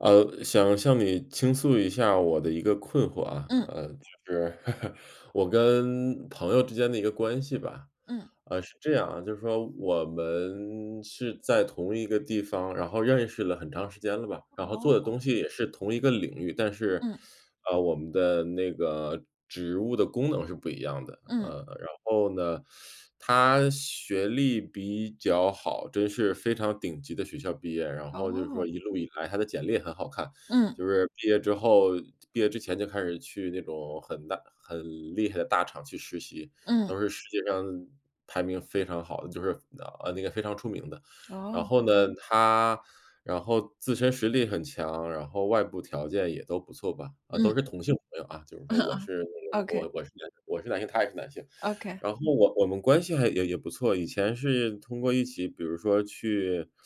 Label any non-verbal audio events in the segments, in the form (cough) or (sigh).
呃，想向你倾诉一下我的一个困惑啊。嗯。呃，就是，(chuckles) 我跟朋友之间的一个关系吧。嗯。呃，是这样啊，就是说我们是在同一个地方，然后认识了很长时间了吧，然后做的哦。东西也是同一个领域。但是，嗯。啊，我们的那个职务的功能是不一样的。嗯。呃，然后呢，(sucks teeth) 他学历比较好，真是非常顶级的学校毕业。然后就是说哦。一路以来他的简历也很好看，嗯。就是毕业之后毕业之前就开始去那种很大很厉害的大厂去实习，嗯。都是世界上排名非常好的，就是，呃，那个非常出名的。然哦。后呢，他然后自身实力很强，然后外部条件也都不错吧。都嗯。是同性朋友啊，就是 (chuckles) 说我是那个啊，Okay。我我是男性我是男性，他也是男性。Okay。然后我我们关系还也也不错，以前是通过一起比如说去 (sucks teeth)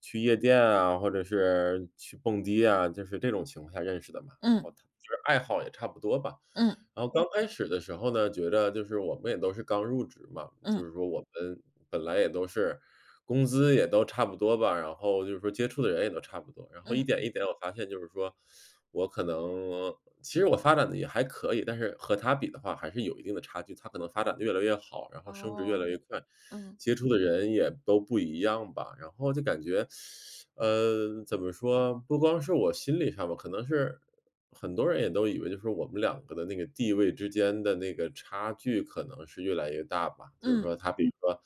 去夜店啊，或者是去蹦迪啊，就是这种情况下认识的嘛，然后嗯。他就是爱好也差不多吧。嗯。然后刚开始的时候呢，觉着就是我们也都是刚入职嘛，嗯。就是说我们本来也都是，工资也都差不多吧，然后就是说接触的人也都差不多。然后一嗯。点一点我发现就是说，(sucks teeth) 我可能其实我发展得也还可以，但是和他比的话还是有一定的差距。他可能发展得越来越好，然后升职越来哦，越快，嗯。接触的人也都不一样吧。然后就感觉，(sucks teeth) 呃，怎么说，不光是我心理上吧，可能是很多人也都以为就是我们两个的那个地位之间的那个差距，可能是越来越大吧。就是嗯。说他比如说，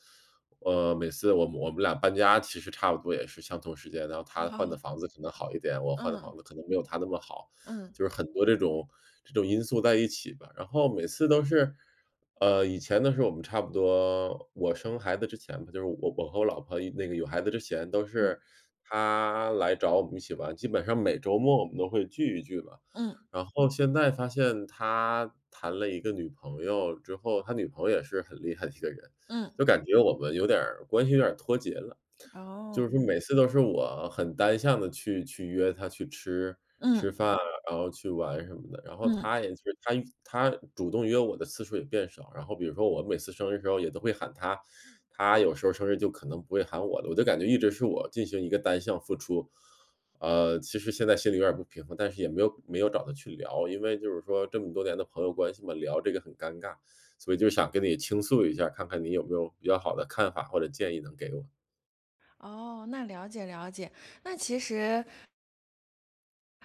呃，每次我们我们俩搬家其实差不多也是相同时间，然后他换的啊。房子可能好一点，我换的嗯。房子可能没有他那么好。嗯。就是很多这种这种因素在一起吧，然后每次都是呃，以前的时候我们差不多，我生孩子之前吧，就是我我和我老婆那个有孩子之前，都嗯。是他来找我们一起玩，基本上每周末我们都会聚一聚吧。嗯。然后现在发现他谈了一个女朋友之后他女朋友也是很厉害的一个人，嗯。就感觉我们有点儿关系有点儿脱节了。哦。就是每次都是我很单向地去去约他去吃嗯。吃饭，然后去玩什么的。然后嗯。他也是他他主动约我的次数也变少，然后比如说我每次生日的时候也都会喊他，嗯。他有时候生日就可能不会喊我的，我就感觉一直是我进行一个单向付出。呃，其实现在心里有点儿不平衡，但是也没有没有找他去聊。因为就是说这么多年的朋友嗯。关系嘛，聊这个很尴尬。所以就想跟你倾诉一下儿，看看你有没有比较好的看法或者建议能给我。哦，那了解了解，那其实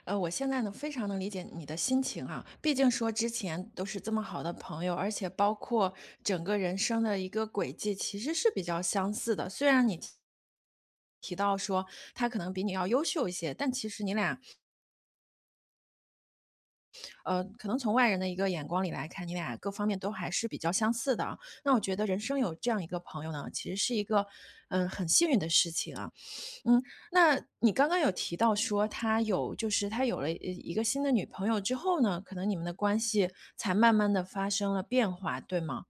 呃，我现在呢，非常能理解你的心情啊，毕竟说之前都是这么好的朋友，而且包括整个人生的一个轨迹，其实是比较相似的，虽然你提提到说他可能比你要优秀一些，但其实你俩呃，可能从外人的一个眼光里来看，你们俩各方面都还是比较相似的啊。那我觉得人生有这样一个朋友呢，其实是一个，嗯，很幸运的事情啊。嗯，那你刚刚有提到说他有就是他有了一一个新的女朋友之后呢，可能你们的关系才慢慢地发生了变化，对吗？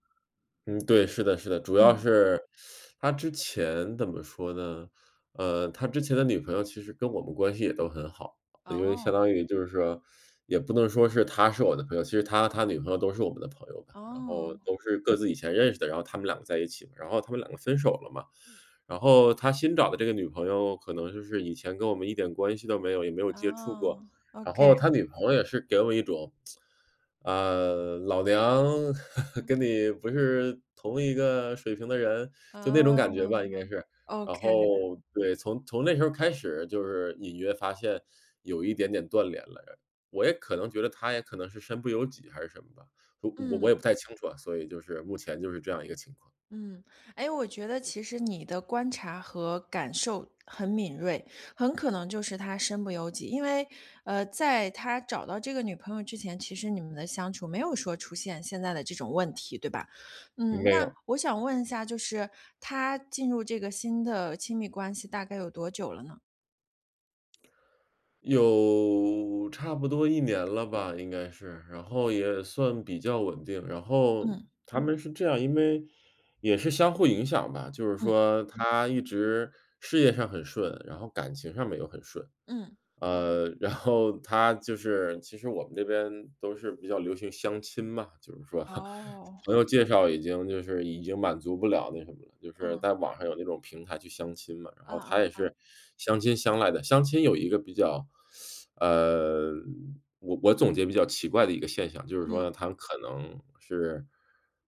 嗯，对，是的是的，主要嗯。是 (inhales) 他之前怎么说呢？呃，他之前的女朋友其实跟我们关系也都很好，因为相哦。当于就是说也不能说是他是我的朋友，其实他和他女朋友都是我们的朋友吧。然后哦。都是各自以前认识的，然后他们两个在一起。然后他们两个分手了嘛，然后他新找的这个女朋友可能就是以前跟我们一点关系都没有，也没有接触哦过。然，OK。后他女朋友也是给我一种，(tsk) 呃，老娘 (laughs) 嗯。跟你不是同一个水平的人，就那种感觉吧，应该嗯。是。然 OK。后对，从从那时候开始就是隐约发现有一点点断联了。我也可能觉得他也可能是身不由己还是什么的，我嗯。我也不太清楚啊，所以就是目前就是这样一个情况。嗯。哎，我觉得其实你的观察和感受很敏锐，很可能就是他身不由己。因为，呃，在他找到这个女朋友之前，其实你们的相处没有说出现现在的这种问题，对吧？嗯，没那有。我想问一下，就是他进入这个新的亲密关系大概有多久了呢？有差不多1年了吧，应该是，然后也算比较稳定，然后嗯。他们是这样，因为也是相互影响吧，就是嗯。说他一直事业上很顺，然后感情上面又很顺。嗯。呃，然后他就是其实我们这边都是比较流行相亲嘛，就是说，(chuckles) 哦。朋友介绍已经就是已经满足不了那什么了，就是嗯。在网上有那种平台去相亲嘛，然后嗯他嗯也嗯。是，相亲相来的。相亲有一个比较 (sucks teeth) 呃，我我总结比较奇怪的一个现象，就是嗯。说他们可能是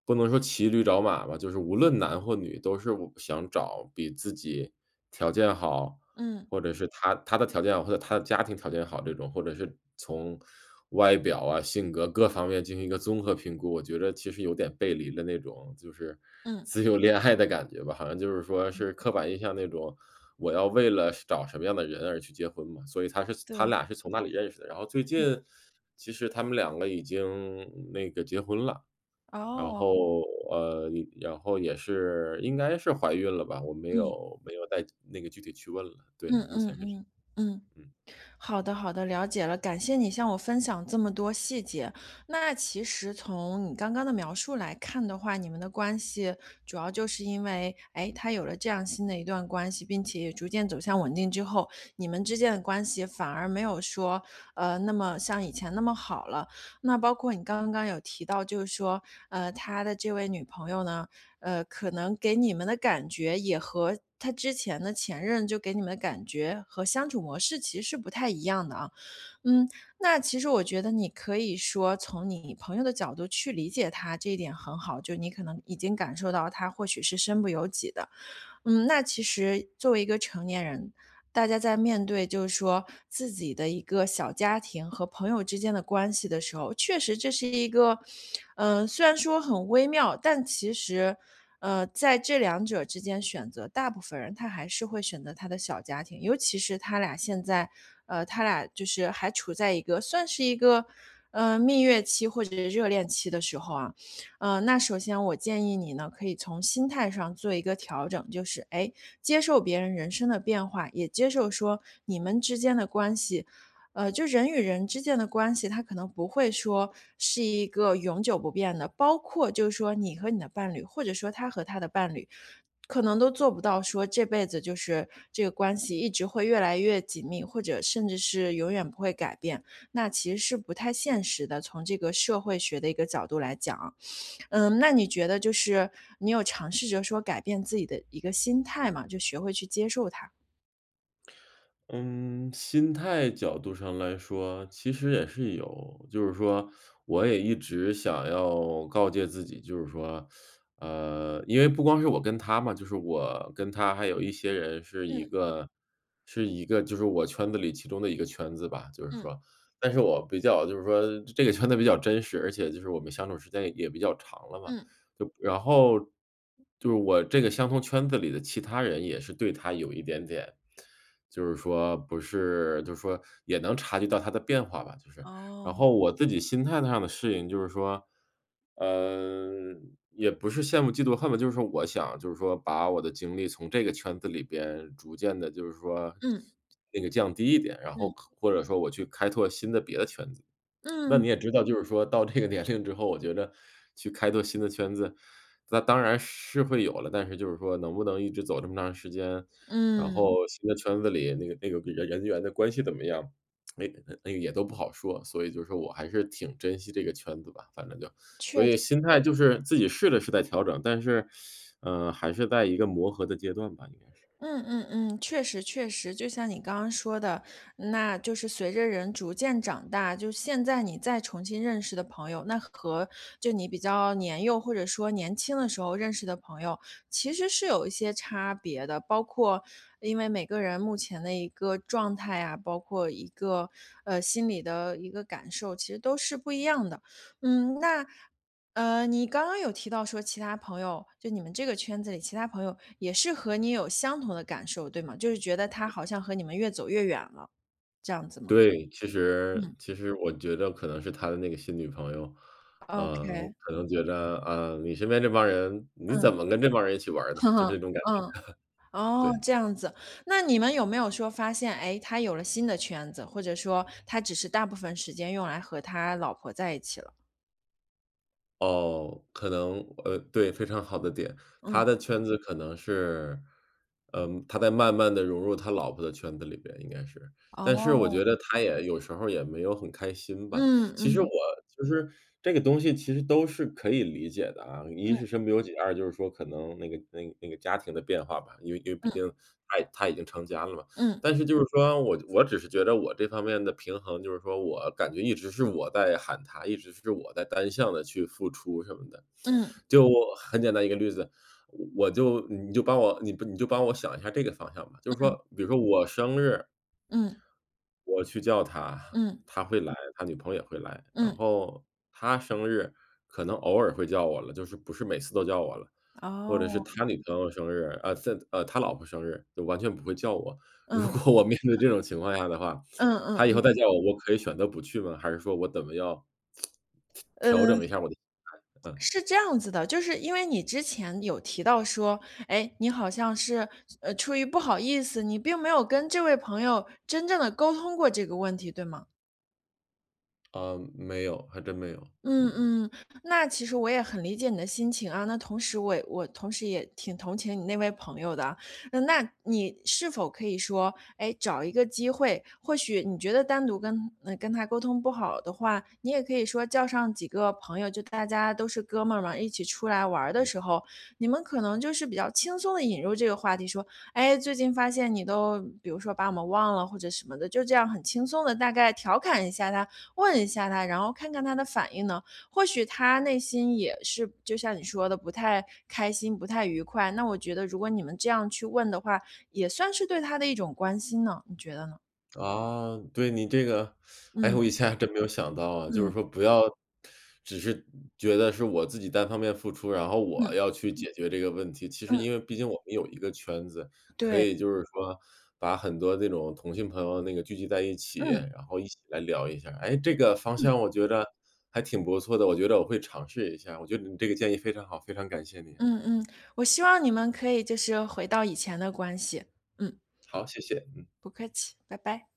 不能说骑驴找马吧，就是无论男或女都是我想找比自己条件好，嗯。或者是他他的条件，或者他的家庭条件好这种，或者是从外表啊、性格各方面进行一个综合评估。我觉得其实有点背离了那种就是，嗯。自由恋爱的感觉吧，好像就是说是刻板印象那种，我要为了找什么样的人而去结婚嘛，所以他是他对。俩是从那里认识的。然后，最嗯。近其实他们两个已经那个结婚了，然哦。后呃，然后也是应该是怀孕了吧，我没嗯。有没有再那个具体去问了。对，嗯目前嗯是嗯，这嗯。样。嗯。好的好的，了解了，感谢你向我分享这么多细节。那其实从你刚刚的描述来看的话，你们的关系主要就是因为，诶，他有了这样新的一段关系，并且也逐渐走向稳定之后，你们之间的关系反而没有说，呃，那么像以前那么好了。那包括你刚刚有提到，就是说，呃，他的这位女朋友呢，呃，可能给你们的感觉，也和他之前的前任就给你们的感觉和相处模式，其实不太一样的啊。嗯，那其实我觉得你可以说从你朋友的角度去理解他，这一点很好，就你可能已经感受到他或许是身不由己的。嗯，那其实作为一个成年人，大家在面对就是说自己的一个小家庭和朋友之间的关系的时候，确实这是一个，呃，虽然说很微妙，但其实，呃，在这两者之间选择，大部分人他还是会选择他的小家庭，尤其是他俩现在呃，他俩就是还处在一个算是一个，呃，蜜月期或者热恋期的时候啊。嗯，那首先我建议你呢，可以从心态上做一个调整，就是，诶，接受别人人生的变化，也接受说你们之间的关系。呃，就人与人之间的关系，它可能不会说是一个永久不变的。包括就是说你和你的伴侣，或者说他和他的伴侣，可能都做不到说这辈子就是这个关系一直会越来越紧密，或者甚至是永远不会改变。那其实是不太现实的，从这个社会学的一个角度来讲啊。嗯，那你觉得就是，你有尝试着说改变自己的一个心态吗？就学会去接受它。嗯，心态角度上来说，其实也是有，就是说，我也一直想要告诫自己，就是说 (sucks teeth) 呃，因为不光是我跟他嘛，就是我跟他还有一些人是一嗯。个是一个就是我圈子里其中的一个圈子吧，就是嗯。说。但是我比较就是说这个圈子比较真实，而且就是我们相处时间也也比较长了嘛，嗯。就然后就是我这个相同圈子里的其他人也是对他有一点点就是说不是就说也能察觉到他的变化吧，就是。然哦。后我自己心态上的适应就是说，呃，也不是羡慕嫉妒恨吧，就是我想就是说把我的精力从这个圈子里边逐渐地就是说嗯。那个降低一点，然后嗯。可或者说我去开拓新的别的圈子。那嗯。你也知道，就是说到这个年龄之后，我觉得去开拓新的圈子，那当然是会有了，但是就是说能不能一直走这么长时间。然嗯。后新的圈子里那个那个人人员的关系怎么样，(tsk) 那个那个也都不好说，所以就说我还是挺珍惜这个圈子吧，反正就，确所以实。心态就是自己试着是在调整，但是，(sucks teeth) 呃，还是在一个磨合的阶段吧，应该是。嗯嗯嗯，确实确实，就像你刚刚说的，那就是随着人逐渐长大，就现在你再重新认识的朋友，那和就你比较年幼或者说年轻的时候认识的朋友，其实是有一些差别的，包括因为每个人目前的一个状态啊，包括一个呃，心理的一个感受，其实都是不一样的。嗯，那，呃，你刚刚有提到说其他朋友，就你们这个圈子里其他朋友也是和你有相同的感受，对吗？就是觉得他好像和你们越走越远了，这样子吗？对，其实嗯。其实我觉着可能是他的那个新女朋友，呃，ok。可能觉得，呃，你身边这帮人你嗯。怎么跟这帮人一起玩儿的，就 (chuckles) 这种感觉，(chuckles) 嗯，哦，对。这样子，那你们有没有说发现，哎，他有了新的圈子，或者说他只是大部分时间用来和他老婆在一起了。哦，可能呃，对，非常好的点。嗯。他的圈子可能是嗯，他在慢慢地融入他老婆的圈子里边，应该是。但是我觉哦。得他也有时候儿也没有很开心吧。嗯其实我嗯。就是，这个东西其实都是可以理解的啊，一嗯。是身不由己，二就是说可能，那个那个那个家庭的变化吧。因为因为毕嗯。竟他他已经成家了嘛。嗯。但是就是说，我我只是觉着我这方面的平衡，就是说，我感觉一直是我在喊他，一直是我在单向地去付出什么的。嗯。就很简单一个例子，我就你就帮我你就帮我想一下儿这个方向吧，就是说，嗯。比如说我生日嗯。我去叫他，嗯。他会来，他女朋友也会来。然嗯。后他生日，可能偶尔会叫我了，就是不是每次都叫我了。或者是哦。他女朋友生日呃，现在呃，他老婆生日，就完全不会叫我。如嗯。果呵。我面对这种情况下的话，嗯嗯他以后嗯。再叫我，我可以选择不去吗？还是说我怎么要呃，调整一下儿我的心态。嗯。是这样子的，就是因为你之前，有提到说，诶，你好像是呃，出于不好意思，你并没有跟这位朋友真正地沟通过这个问题，对吗？呃，没有，还真没有，嗯嗯。嗯。那其实我也很理解你的心情啊，那同时我我同时也挺同情你那位朋友的啊。那你是否可以说，哎，找一个机会。或许你觉得单独跟跟他沟通不好的话，你也可以说叫上几个朋友，就大家都是哥们儿嘛，一起出来玩儿的时候，你们可能就是比较轻松地引入这个话题说，哎，最近发现你都，比如说，把我们忘了或者什么的，就这样很轻松地，大概调侃一下他、问一下他，然后看看他的反应呢？或许他内心也是就像你说的不太开心、不太愉快。那我觉得如果你们这样去问的话，也算是对他的一种关心呢，你觉得呢？啊，对，你这个 (sucks teeth) 哎，嗯。我一下还真没有想到啊。就是嗯。说，不要只是觉得是我自己单方面付出，然后我嗯。要去解决这个问题，其实嗯。因为毕竟我们有一个圈子，可对。以就是说，把很多那种同性朋友那个聚集在一起，嗯。然后一起来聊一下儿。哎，这个方嗯。向我觉着还挺不错的，我觉得我会尝试一下，我觉得你这个建议非常好，非常感谢你。嗯嗯，我希望你们可以就是回到以前的关系，嗯。好，谢谢。嗯。不客气，拜拜。